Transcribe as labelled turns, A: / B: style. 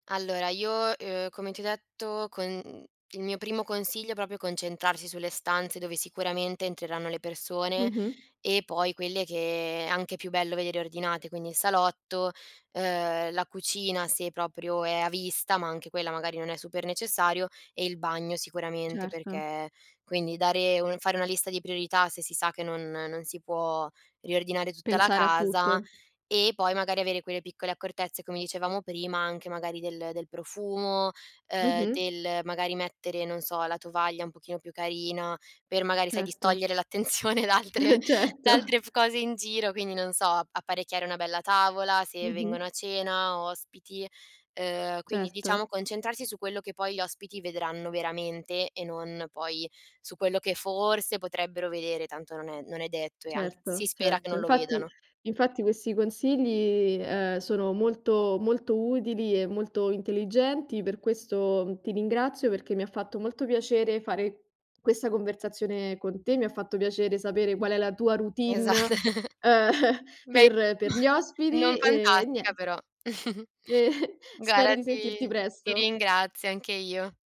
A: Allora io, ehm, come ti ho detto con mh, il mio primo consiglio è proprio concentrarsi sulle stanze, dove sicuramente entreranno le persone
B: Mh-mh.
A: e poi quelle che è anche più bello vedere ordinate, quindi il salotto, ehm, la cucina se proprio è a vista, ma anche quella magari non è super necessario e il bagno sicuramente
B: Certo.
A: perché Quindi dare un fare una lista di priorità se si sa che non non si può riordinare tutta la
B: Pensare a
A: casa
B: tutto.
A: e poi magari avere quelle piccole accortezze, come dicevamo prima, anche magari del del profumo, ehm,
B: Mh-mh.
A: del magari mettere, non so, la tovaglia un pochino più carina per magari sai
B: Certo.
A: distogliere l'attenzione da altre da
B: Certo.
A: altre cose f in giro. Quindi non so, ap apparecchiare una bella tavola, se
B: Mh-mh.
A: vengono a cena, ospiti, ehm, quindi diciamo
B: Certo.
A: concentrarsi su quello che poi gli ospiti vedranno veramente e non poi su quello che forse potrebbero vedere, tanto non è non è detto e anch si
B: Certo,
A: spera che
B: certo.
A: non lo
B: Infatti,
A: vedano.
B: infatti, questi consigli, ehm, sono molto molto utili e molto intelligenti. Per questo ti ringrazio perché mi ha fatto molto piacere fare questa conversazione con te, mi ha fatto piacere sapere qual è la tua routine,
A: Esat
B: uhm,
A: Beh,
B: per
A: in
B: per
A: ma
B: gli
A: non
B: ospiti, ehm,
A: fantastica
B: nie
A: però.
B: Ehm, spero
A: Guarda,
B: di sentirti
A: ti ti
B: presto.
A: ringrazio anche io.